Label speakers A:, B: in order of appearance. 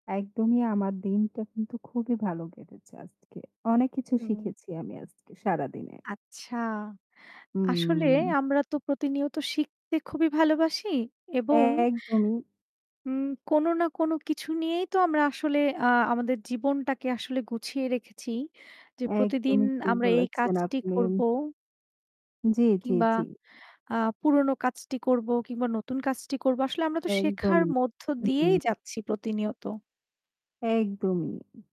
A: একদমই আমার দিনটা কিন্তু খুবই ভালো কেটেছে আজকে। অনেক কিছু
B: হুম।
A: শিখেছি আমি আজকে, সারাদিনে।
B: আচ্ছা, আসলে
A: হম
B: আমরা তো প্রতিনিয়ত শিখতে খুবই ভালোবাসি এবং
A: একদমই।
B: হুম, কোন না কোন কিছু নিয়েই তো আমরা আসলে আ আমাদের জীবনটাকে আসলে গুছিয়ে রেখেছি। যে প্রতিদিন
A: একদমই ঠিক
B: আমরা এই
A: বলেছেন
B: কাজটি
A: আপনি।
B: করব।
A: জ্বী, জ্বী,
B: কিংবা
A: জ্বী।
B: আ পুরোনো কাজটি করব কিংবা নতুন কাজটি করব। আসলে আমরা তো শেখার
A: একদমই,
B: মধ্য দিয়েই
A: হু।
B: যাচ্ছি প্রতিনিয়ত।
A: একদমই।